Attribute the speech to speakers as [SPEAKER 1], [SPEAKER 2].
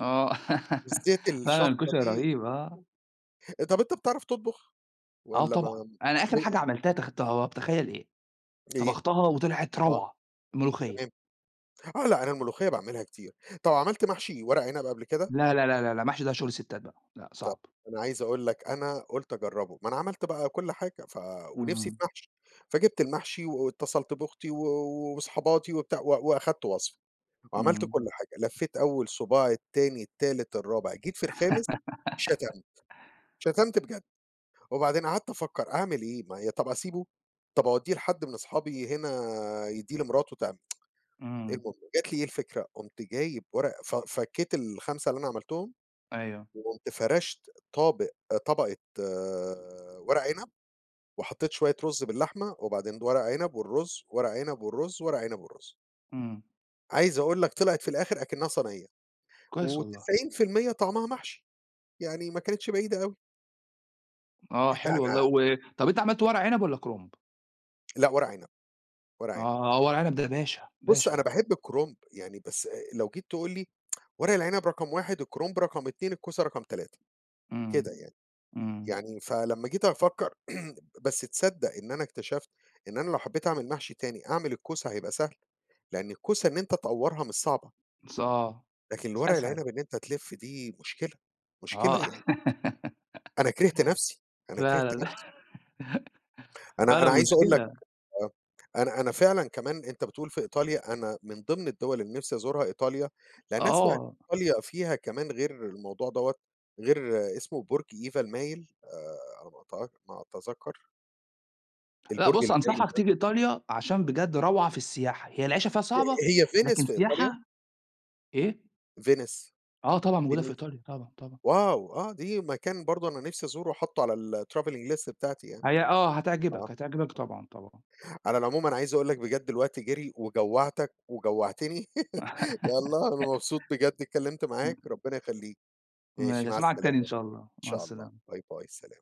[SPEAKER 1] آه،
[SPEAKER 2] بالذات
[SPEAKER 1] فعلًا
[SPEAKER 2] الشطة
[SPEAKER 1] الكشري
[SPEAKER 2] دي
[SPEAKER 1] رهيب، آه.
[SPEAKER 2] آآ، طب أنت بتعرف تطبخ
[SPEAKER 1] آه
[SPEAKER 2] والّا ما
[SPEAKER 1] طبعًا، أنا
[SPEAKER 2] ب
[SPEAKER 1] آخر حاجة عملتها تخ تا تخيل إيه؟
[SPEAKER 2] إيه؟
[SPEAKER 1] طبختها و طلعت
[SPEAKER 2] آه،
[SPEAKER 1] روعة، ملوخية.
[SPEAKER 2] تمام، آه لأ أنا الملوخية باعملها كتير، طب عملت محشي ورق عنب قبل كده؟
[SPEAKER 1] لأ، لأ، لأ، لأ، لأ، المحشي ده شغل ستات بقى لأ،
[SPEAKER 2] طيب
[SPEAKER 1] صعب.
[SPEAKER 2] أنا عايز أقول لك أنا قُلت أجربه، ما أنا عملت بقى كل حاجة ف ونفسي في
[SPEAKER 1] اهم.
[SPEAKER 2] محشي، فجِبت المحشي واتصلت بأختي و وصحاباتي وبتاع، و وأخدت وصفة وعملت
[SPEAKER 1] إمم.
[SPEAKER 2] كل حاجة لفيت أول صباع التاني، التالت، الرابع، جيت في الخامس شتمت، شتمت بجد وبعدين قعدت أفكر أعمل إيه؟ ما هي طب أسيبه طب أوديه لحد من أصحابي هنا يديه لمراته تعم
[SPEAKER 1] امم.
[SPEAKER 2] المهم جات لي إيه الفكرة قُمت جايب ورقة ف فكيت ال5 اللي أنا عملتهم
[SPEAKER 1] أيوه.
[SPEAKER 2] وقُمت فرشت طابق طبقة ورق عنب وحطيت شوية رز باللحمة وبعدين ورق عنب والرز ورق عنب والرز ورق عنب والرز.
[SPEAKER 1] إمم.
[SPEAKER 2] عايز أقول لك طلعت في الآخر أكنها صنية.
[SPEAKER 1] كويس والله.
[SPEAKER 2] و90% طعمها محشي يعني ما كانتش بعيدة أوي.
[SPEAKER 1] آه
[SPEAKER 2] لأ
[SPEAKER 1] حلو والله،
[SPEAKER 2] أنا
[SPEAKER 1] و طب أنت عملت ورق عنب والّا كرنب؟
[SPEAKER 2] لأ ورق عنب، ورق عنب.
[SPEAKER 1] آه، ورق العنب ده باشا،
[SPEAKER 2] بُص
[SPEAKER 1] باشا
[SPEAKER 2] أنا
[SPEAKER 1] ده.
[SPEAKER 2] باحب الكرنب، يعني بس آآ، لو جيت تقول لي ورق العنب رقم 1 الكرنب رقم 2 الكوسه رقم 3
[SPEAKER 1] إمم،
[SPEAKER 2] كده يعني،
[SPEAKER 1] إمم.
[SPEAKER 2] يعني فلما جيت أفكر بس تصدق إن أنا اكتشفت إن أنا لو حبيت أعمل محشي تاني، أعمل الكوسه هيبقى سهل، لأن الكوسه إن أنت تأورها مش صعبة.
[SPEAKER 1] س آه،
[SPEAKER 2] لكن
[SPEAKER 1] س
[SPEAKER 2] الورق
[SPEAKER 1] أسهل.
[SPEAKER 2] العنب إن أنت تلف دي مشكلة، مشكلة
[SPEAKER 1] آه.
[SPEAKER 2] يعني. أنا كرهت نفسي، أنا كرهت
[SPEAKER 1] فعلًا
[SPEAKER 2] نفسي. أنا
[SPEAKER 1] فعلًا
[SPEAKER 2] أنا عايز أقول لك
[SPEAKER 1] مشكلة.
[SPEAKER 2] آه، أنا أنا فعلًا كمان أنت بتقول في إيطاليا، أنا من ضمن الدول اللي نفسي أزورها إيطاليا لأن أسمع إن
[SPEAKER 1] آه.
[SPEAKER 2] إيطاليا فيها كمان غير الموضوع دوّة غير اسمه برج إيفا المايل آآ، على ما أتأك ما اتذكر.
[SPEAKER 1] لأ،
[SPEAKER 2] البرج
[SPEAKER 1] بُص
[SPEAKER 2] المايل
[SPEAKER 1] أنصحك
[SPEAKER 2] ده.
[SPEAKER 1] تيجي إيطاليا، عشان بجد روعة في السياحة، هي العيشة فيها صعبة
[SPEAKER 2] هي فينيس
[SPEAKER 1] لكن
[SPEAKER 2] في إيطاليا؟
[SPEAKER 1] السياحة إيه؟
[SPEAKER 2] فينيس؟
[SPEAKER 1] آه طبعًا موجودة في
[SPEAKER 2] فينيس؟
[SPEAKER 1] إيطاليا، طبعًا، طبعًا.
[SPEAKER 2] واو! آه، دي مكان برضه أنا نفسي أزوره حاطه على الtravelling list بتاعتي يعني
[SPEAKER 1] هي آه،
[SPEAKER 2] آه.
[SPEAKER 1] هتعجبك، هتعجبك، طبعًا، طبعًا.
[SPEAKER 2] على العموم أنا عايز أقول لك بجد الوقت جري، وجوّعتك وجوعتني، يلّا أنا مبسوط بجد اتكلمت
[SPEAKER 1] إمم.
[SPEAKER 2] معاك، ربنا يخليك ماشي
[SPEAKER 1] ماشي
[SPEAKER 2] مع
[SPEAKER 1] أسمعك
[SPEAKER 2] السلامة،
[SPEAKER 1] تاني إن
[SPEAKER 2] إن
[SPEAKER 1] شاء الله، مع
[SPEAKER 2] شاء الله،
[SPEAKER 1] السلامة.
[SPEAKER 2] باي باي، سلام.